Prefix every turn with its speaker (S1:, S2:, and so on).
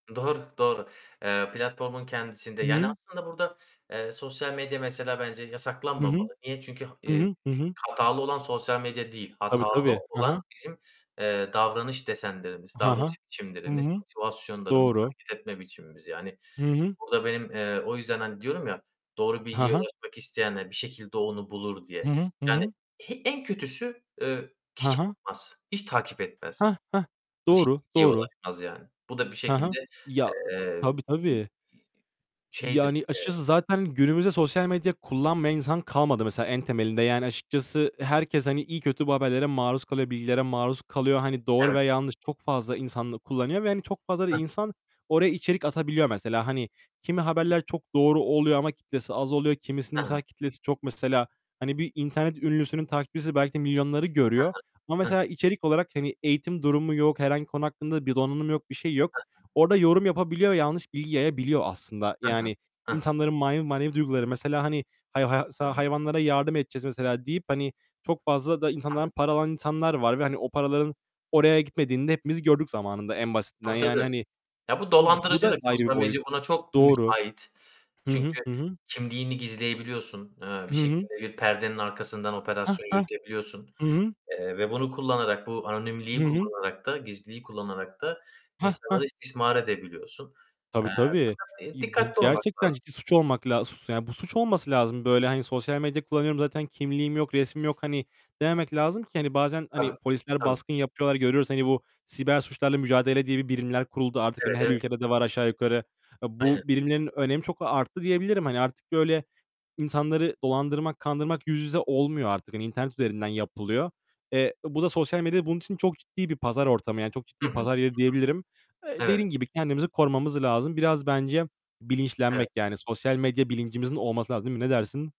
S1: Doğru, doğru. Eee, platformun kendisinde, yani,
S2: Hıı.
S1: aslında burada, eee, sosyal medya mesela bence
S2: Hı hı.
S1: yasaklanmamalı. Niye? Çünkü ha
S2: Hı
S1: eee,
S2: hı. Hı hı.
S1: hatalı olan sosyal medya değil,
S2: Tabii,
S1: hatalı
S2: tabii. Hı
S1: olan
S2: hı.
S1: bizim, eee, davranış desenlerimiz,
S2: Ha ha.
S1: davranış
S2: Hı
S1: biçimlerimiz,
S2: hı.
S1: motivasyonlarımız,
S2: Doğru.
S1: hareket etme biçimimiz yani.
S2: Hı hı.
S1: Burada benim, eee, o yüzden, hani, diyorum ya, "Doğru
S2: Ha
S1: bilgiye
S2: ha.
S1: ulaşmak isteyenler bir şekilde onu bulur." diye.
S2: Hı hı. Hı
S1: Yani,
S2: hı.
S1: he en kötüsü, eee,
S2: Ha
S1: kişi
S2: ha.
S1: olmaz, hiç takip etmez.
S2: Hah! Hah!
S1: [unintelligible]
S2: Doğru. Doğru.
S1: ulaşmaz yani. Bu da bir
S2: Hı hı.
S1: şekilde,
S2: Ya
S1: eee,
S2: Tabii,
S1: bir
S2: tabii.
S1: i i şeydir,
S2: Yani,
S1: eee
S2: açıkçası zaten günümüzde sosyal medya kullanmayan insan kalmadı mesela en temelinde. Yani, açıkçası herkes, hani, iyi kötü bu haberlere maruz kalıyor, bilgilere maruz kalıyor. Hani, doğru
S1: Evet.
S2: ve yanlış çok fazla insan da kullanıyor ve hani, çok fazla da
S1: Hıh.
S2: insan oraya içerik atabiliyor mesela. Hani, kimi
S1: Hıh.
S2: haberler çok doğru oluyor ama kitlesi az oluyor. Kimisinin
S1: Ha.
S2: mesela kitlesi çok, mesela. Hani, bir internet ünlüsünün takipçisi belki de milyonları
S1: Hı
S2: görüyor ama
S1: hı. Hı.
S2: mesela içerik olarak, hani, eğitim durumu yok. Herhangi konu hakkında bir donanımı yok, bir şeyi yok.
S1: Hı hı.
S2: Orada yorum yapabiliyor, yanlış bilgi yayabiliyor aslında.
S1: Hı hı.
S2: Yani
S1: Hı hı.
S2: insanların manevi manevi duyguları Mesela, hani, [unintelligible]
S1: Hı hı.
S2: hayvanlara yardım edeceğiz mesela deyip, hani, çok fazla da insandan
S1: [unintelligible]
S2: para alan insanlar var ve hani, o paraların oraya gitmediğini de hepimiz gördük zamanında. En basitinden,
S1: Tabii, tabii.
S2: yani, hani,
S1: Ya bu
S2: ı bu da
S1: dolandırıcılık,
S2: ayrı bir
S1: sosyal
S2: boyut.
S1: medya buna çok
S2: Doğru.
S1: müsait.
S2: Hı hı.
S1: Çünkü
S2: Hı hı.
S1: kimliğini gizleyebiliyorsun, eee, bir
S2: Hı hı.
S1: şekilde bir perdenin arkasından
S2: Hah!
S1: operasyon
S2: Hah!
S1: yürütebiliyorsun,
S2: Hı hı.
S1: eee, ve bunu kullanarak, bu
S2: Hı
S1: anonimliği
S2: hı.
S1: kullanarak da, gizliliği kullanarak da
S2: Hah,
S1: insanları
S2: Hah.
S1: istismar edebiliyorsun.
S2: Tabii,
S1: Eee,
S2: tabii.
S1: fakat, eee,
S2: İ bu
S1: dikkatli olmak
S2: gerçekten
S1: lazım.
S2: ciddi suç olmak la sus yani, bu suç olması lazım. Böyle, hani, sosyal medya kullanıyorum zaten kimliğim yok, resmim yok. Hani, dememek lazım ki, hani, bazen hani
S1: Tabii,
S2: polisler
S1: tabii.
S2: baskın yapıyorlar, görüyoruz. Hani, bu siber suçlarla mücadele diye bir birimler kuruldu. Artık, hani,
S1: Evet,
S2: her
S1: ev
S2: ülkede de var aşağı yukarı. A
S1: Aynen.
S2: bu birimlerin önemi çok arttı diyebilirim. Hani artık böyle insanları dolandırmak, kandırmak yüz yüze olmuyor artık. Hani, internet üzerinden yapılıyor. Eee, bu da sosyal medya, bunun için çok ciddi bir pazar ortamı. Yani çok ciddi
S1: Hı hı. Hı hı.
S2: pazar yeri diyebilirim. Eee,
S1: Evet.
S2: dediğin gibi kendimizi korumamız lazım. Biraz bence
S1: Evet.
S2: bilinçlenmek, yani, sosyal medya bilincimizin olması lazım değil mi? Ne dersin?